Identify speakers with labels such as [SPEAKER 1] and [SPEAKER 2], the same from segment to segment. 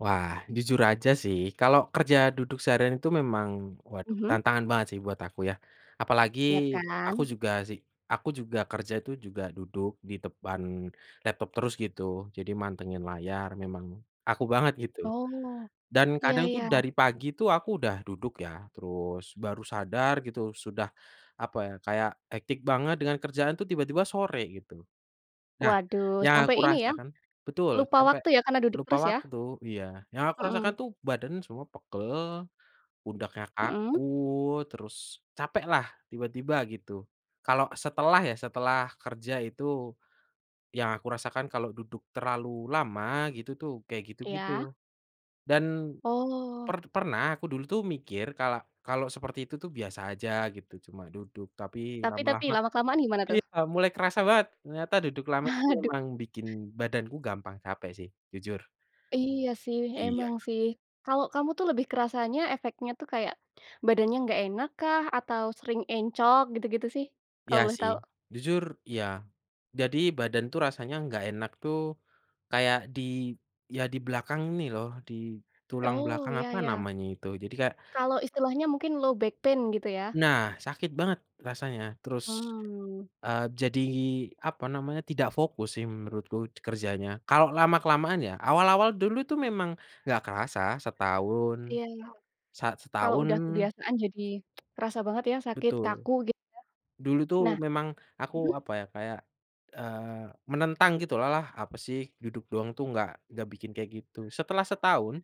[SPEAKER 1] Wah, jujur aja sih. Kalau kerja duduk seharian itu memang waduh
[SPEAKER 2] Mhm.
[SPEAKER 1] tantangan banget sih buat aku yah. Apalagi
[SPEAKER 2] Iya
[SPEAKER 1] aku
[SPEAKER 2] kan.
[SPEAKER 1] juga sih aku juga kerja itu juga duduk di depan laptop terus gitu, jadi mantengin layar. Memang aku banget gitu
[SPEAKER 2] Oh,
[SPEAKER 1] dan
[SPEAKER 2] iya
[SPEAKER 1] kadang tuh
[SPEAKER 2] iya.
[SPEAKER 1] dari pagi tuh aku udah duduk ya, terus baru sadar gitu sudah, apa ya, kayak hectic banget dengan kerjaan tuh tiba-tiba sore gitu. Nah
[SPEAKER 2] Waduh
[SPEAKER 1] yang
[SPEAKER 2] sampai
[SPEAKER 1] aku
[SPEAKER 2] ini ya,
[SPEAKER 1] rasakan betul
[SPEAKER 2] lupa
[SPEAKER 1] sampai
[SPEAKER 2] waktu ya karena duduk
[SPEAKER 1] lupa
[SPEAKER 2] terus ya?
[SPEAKER 1] waktu iya, yang aku rasakan
[SPEAKER 2] Mhm.
[SPEAKER 1] tuh badan semua pegal, pundaknya
[SPEAKER 2] Mhm.
[SPEAKER 1] kaku, terus capeklah tiba-tiba gitu, kalau setelah ya setelah kerja. Itu yang aku rasakan kalau duduk terlalu lama gitu tuh kayak gitu-gitu
[SPEAKER 2] Iya.
[SPEAKER 1] dan
[SPEAKER 2] Oh.
[SPEAKER 1] per pernah aku dulu tuh mikir kala kalau seperti itu tuh biasa aja gitu. Cuma duduk, tapi
[SPEAKER 2] Tapi tapi
[SPEAKER 1] lama-lama
[SPEAKER 2] lama kelamaan gimana tuh?
[SPEAKER 1] iya mulai kerasa banget ternyata duduk lama itu
[SPEAKER 2] Aduh.
[SPEAKER 1] memang bikin badanku gampang capek sih, jujur.
[SPEAKER 2] Iya sih,
[SPEAKER 1] Iya.
[SPEAKER 2] emang sih. Kalau kamu tuh lebih kerasanya efeknya tuh kayak badannya enggak enakkah? Atau sering encok gitu-gitu sih? Kalau
[SPEAKER 1] Iya
[SPEAKER 2] boleh
[SPEAKER 1] sih.
[SPEAKER 2] tahu.
[SPEAKER 1] Jujur iya. Jadi badan tuh rasanya enggak enak tuh kayak di iya di belakang ini loh, di tulang
[SPEAKER 2] Oh
[SPEAKER 1] belakang,
[SPEAKER 2] iya
[SPEAKER 1] apa
[SPEAKER 2] iya.
[SPEAKER 1] namanya itu, jadi kayak
[SPEAKER 2] Kalau istilahnya mungkin low back pain gitu ya?
[SPEAKER 1] Nah, sakit banget rasanya. Terus,
[SPEAKER 2] Oh.
[SPEAKER 1] eee, jadi, apa namanya, tidak fokus sih menurutku kerjanya kalau lama-kelamaan ya. Awal-awal dulu itu memang enggak kerasa, setahun
[SPEAKER 2] Iya iya.
[SPEAKER 1] sa
[SPEAKER 2] Kalau udah
[SPEAKER 1] setahun
[SPEAKER 2] kebiasaan jadi kerasa banget ya sakit
[SPEAKER 1] Betul.
[SPEAKER 2] kaku gitu ya?
[SPEAKER 1] Dulu itu
[SPEAKER 2] Nah
[SPEAKER 1] memang aku,
[SPEAKER 2] mhm.
[SPEAKER 1] apa ya, kayak, eee, menentang gitulah, "Alah apa sih duduk doang tuh enggak enggak bikin kayak gitu." Setelah setahun,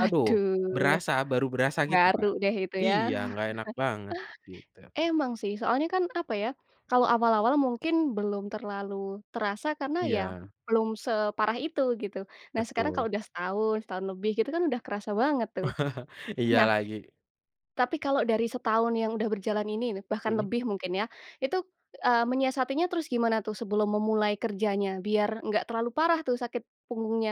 [SPEAKER 1] aduh berasa, baru berasa gitu,
[SPEAKER 2] baru
[SPEAKER 1] Kak.
[SPEAKER 2] deh itu ya.
[SPEAKER 1] Iya enggak enak banget gitu.
[SPEAKER 2] Emang sih soalnya kan, apa ya, kalau awal-awal mungkin belum terlalu terasa karena ya
[SPEAKER 1] Iya.
[SPEAKER 2] belum separah itu gitu. Nah, sekarang kalau
[SPEAKER 1] Betul.
[SPEAKER 2] udah setahun, setahun lebih, gitu kan udah kerasa banget tuh.
[SPEAKER 1] Iya
[SPEAKER 2] Nah,
[SPEAKER 1] lagi.
[SPEAKER 2] tapi kalau dari setahun yang udah berjalan ini nih, bahkan
[SPEAKER 1] Mhm.
[SPEAKER 2] lebih mungkin ya, itu, eee, menyiasatinya terus gimana tuh sebelum memulai kerjanya? Biar enggak terlalu parah tuh sakit punggungnya.